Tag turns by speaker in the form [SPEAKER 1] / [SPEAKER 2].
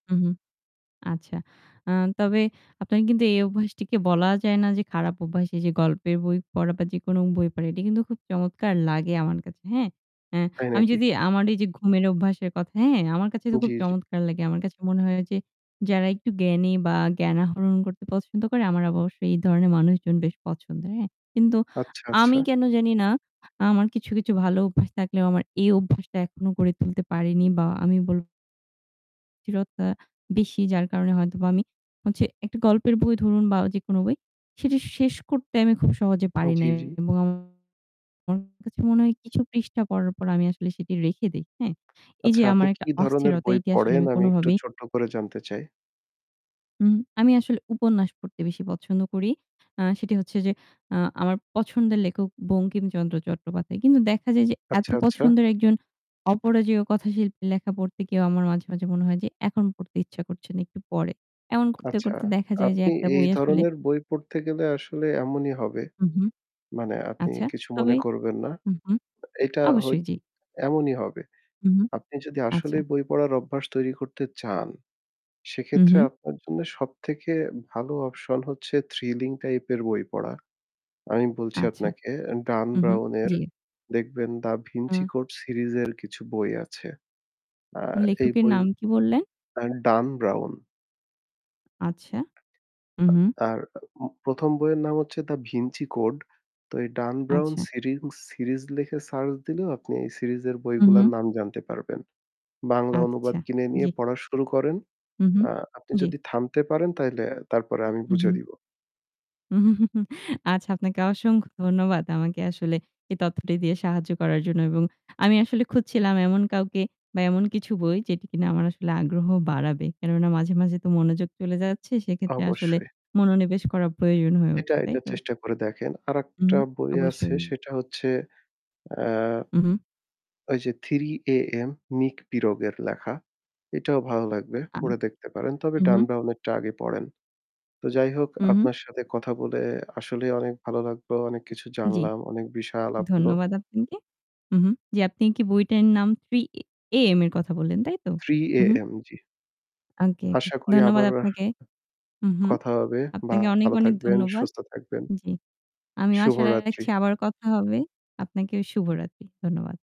[SPEAKER 1] উহু। আচ্ছা। আ তবে আপনার কিন্তু এই অভ্যাসটিকে বলা যায় না যে খারাপ অভ্যাস। এই যে গল্পের বই পড়া বা যেকোনো বই পড়া এটি কিন্তু খুব চমৎকার লাগে আমার কাছে, হ্যাঁ। অ্যা
[SPEAKER 2] তাই
[SPEAKER 1] আমি
[SPEAKER 2] নাকি?
[SPEAKER 1] যদি আমার এই যে ঘুমের অভ্যাসের কথা হ্যাঁ, আমার কাছে তো
[SPEAKER 2] জি,
[SPEAKER 1] খুব
[SPEAKER 2] জি।
[SPEAKER 1] চমৎকার লাগে। আমার কাছে মনে হয় যে, যারা একটু জ্ঞানী বা জ্ঞান আহরণ করতে পছন্দ করে আমার অবশ্য এই ধরনের মানুষজন বেশ পছন্দের, হ্যাঁ। কিন্তু
[SPEAKER 2] আচ্ছা, আচ্ছা।
[SPEAKER 1] আমি কেন জানিনা আমার কিছু, কিছু ভালো অভ্যাস থাকলেও আমার এই অভ্যাসটা এখনো গড়ে তুলতে পারিনি বা আমি বলব অস্থিরতা বেশি যার কারণে হয়তোবা আমি হচ্ছে একটা গল্পের বই ধরুন, বা যেকোনো বই সেটি শেষ করতে আমি খুব সহজে পারি
[SPEAKER 2] জি,
[SPEAKER 1] না
[SPEAKER 2] জি।
[SPEAKER 1] এবং আমার কাছে মনে হয় কিছু পৃষ্ঠা পড়ার পর আমি আসলে সেটি রেখে দেই, হ্যাঁ। এই
[SPEAKER 2] আচ্ছা,
[SPEAKER 1] যে
[SPEAKER 2] আপনি
[SPEAKER 1] আমার একটা
[SPEAKER 2] কী ধরনের
[SPEAKER 1] অস্থিরতা,
[SPEAKER 2] বই
[SPEAKER 1] এটি আসলে
[SPEAKER 2] পড়েন?
[SPEAKER 1] আমি
[SPEAKER 2] আমি একটু
[SPEAKER 1] কোনোভাবেই
[SPEAKER 2] ছোট্ট করে জানতে চাই?
[SPEAKER 1] উম, আমি আসলে উপন্যাস পড়তে বেশি পছন্দ করি। আ সেটি হচ্ছে যে আ আমার পছন্দের লেখক বঙ্কিমচন্দ্র চট্টোপাধ্যায়। কিন্তু দেখা যায় যে, এত
[SPEAKER 2] আচ্ছা, আচ্ছা।
[SPEAKER 1] পছন্দের একজন অপরাজেয় কথাশিল্পীর লেখা পড়তে গিয়েও আমার মাঝে, মাঝে মনে হয় যে এখন পড়তে ইচ্ছা করছে না, একটু পরে। এমন করতে,
[SPEAKER 2] আচ্ছা,
[SPEAKER 1] করতে দেখা যায় যে
[SPEAKER 2] আপনি
[SPEAKER 1] একটা
[SPEAKER 2] এই
[SPEAKER 1] বই আসলে
[SPEAKER 2] ধরনের বই পড়তে গেলে আসলে এমনই হবে।
[SPEAKER 1] উ হুম।
[SPEAKER 2] মানে আপনি
[SPEAKER 1] আচ্ছা,
[SPEAKER 2] কিছু মনে
[SPEAKER 1] তবে
[SPEAKER 2] করবেন না।
[SPEAKER 1] উহু,
[SPEAKER 2] এটা হই
[SPEAKER 1] অবশ্যই জি।
[SPEAKER 2] এমনই হবে।
[SPEAKER 1] উম
[SPEAKER 2] আপনি যদি
[SPEAKER 1] আচ্ছা।
[SPEAKER 2] আসলেই বই পড়ার অভ্যাস তৈরি করতে চান,
[SPEAKER 1] উ
[SPEAKER 2] সেক্ষেত্রে
[SPEAKER 1] হু।
[SPEAKER 2] আপনার জন্য সব থেকে ভালো option হচ্ছে thrilling type -এর বই পড়া। আমি বলছি
[SPEAKER 1] আচ্ছা।
[SPEAKER 2] আপনাকে Dan
[SPEAKER 1] উহু,
[SPEAKER 2] Brown-এর
[SPEAKER 1] জি।
[SPEAKER 2] দেখবেন 'The Da Vinci
[SPEAKER 1] uh
[SPEAKER 2] Code' series এর কিছু বই আছে। আ এই
[SPEAKER 1] লেখকের
[SPEAKER 2] বই
[SPEAKER 1] নাম কি বললেন?
[SPEAKER 2] আর Dan Brown.
[SPEAKER 1] আচ্ছা। উহু।
[SPEAKER 2] আর উম ১ম বইয়ের নাম হচ্ছে 'The Vinci Code' তো এই Dan Brown
[SPEAKER 1] আচ্ছা।
[SPEAKER 2] serie series লিখে search দিলেও আপনি এই series -এর বইগুলার
[SPEAKER 1] উহু।
[SPEAKER 2] নাম জানতে পারবেন। বাংলা অনুবাদ
[SPEAKER 1] আচ্ছা।
[SPEAKER 2] কিনে নিয়ে
[SPEAKER 1] জি।
[SPEAKER 2] পড়া শুরু করেন।
[SPEAKER 1] উহু,
[SPEAKER 2] আ আপনি
[SPEAKER 1] জি।
[SPEAKER 2] যদি থামতে পারেন, তাইলে তারপরে আমি বুঝিয়ে
[SPEAKER 1] উহু।
[SPEAKER 2] দিব।
[SPEAKER 1] আচ্ছা, আপনাকে অসংখ্য ধন্যবাদ আমাকে আসলে এই তথ্যটি দিয়ে সাহায্য করার জন্য এবং আমি আসলে খুঁজছিলাম এমন কাউকে বা এমন কিছু বই যেটি কিনা আমার আসলে আগ্রহ বাড়াবে। কেননা মাঝে, মাঝে তো মনোযোগ চলে যাচ্ছে। সেক্ষেত্রে আসলে
[SPEAKER 2] অবশ্যই।
[SPEAKER 1] মনোনিবেশ করা প্রয়োজন হয়ে
[SPEAKER 2] এটা,
[SPEAKER 1] উঠছে, তাই
[SPEAKER 2] এটা
[SPEAKER 1] তো?
[SPEAKER 2] চেষ্টা করে দেখেন।
[SPEAKER 1] উহু।
[SPEAKER 2] আরেকটা বই আছে,
[SPEAKER 1] অবশ্যই।
[SPEAKER 2] সেটা হচ্ছে আ
[SPEAKER 1] উহু।
[SPEAKER 2] ওই যে '3 AM' Nick Pirog -এর লেখা। এটাও ভালো লাগবে।
[SPEAKER 1] আম
[SPEAKER 2] পড়ে দেখতে পারেন। তবে
[SPEAKER 1] উহু।
[SPEAKER 2] Dan Brown -এরটা আগে পড়েন। তো যাই হোক,
[SPEAKER 1] উহু।
[SPEAKER 2] আপনার সাথে কথা বলে আসলেই অনেক ভালো লাগলো। অনেক কিছু
[SPEAKER 1] জি,
[SPEAKER 2] জানলাম। অনেক বিষয় আলাপ হলো।
[SPEAKER 1] ধন্যবাদ আপনাকে। উহু। জি, আপনি কি বইটার নাম 'Three ই AM' এর কথা বললেন, তাই তো?
[SPEAKER 2] '3
[SPEAKER 1] উহু।
[SPEAKER 2] AM' জি।
[SPEAKER 1] আংকে ওকে।
[SPEAKER 2] আশা করি
[SPEAKER 1] ধন্যবাদ
[SPEAKER 2] আবারও
[SPEAKER 1] আপনাকে। উহু।
[SPEAKER 2] কথা হবে।
[SPEAKER 1] আপনাকে অনেক,
[SPEAKER 2] ভালো
[SPEAKER 1] অনেক
[SPEAKER 2] থাকবেন,
[SPEAKER 1] ধন্যবাদ।
[SPEAKER 2] সুস্থ থাকবেন।
[SPEAKER 1] জি, আমিও আশা
[SPEAKER 2] শুভরাত্রি।
[SPEAKER 1] রাখছি আবার কথা হবে। আপনাকেও শুভরাত্রি। ধন্যবাদ।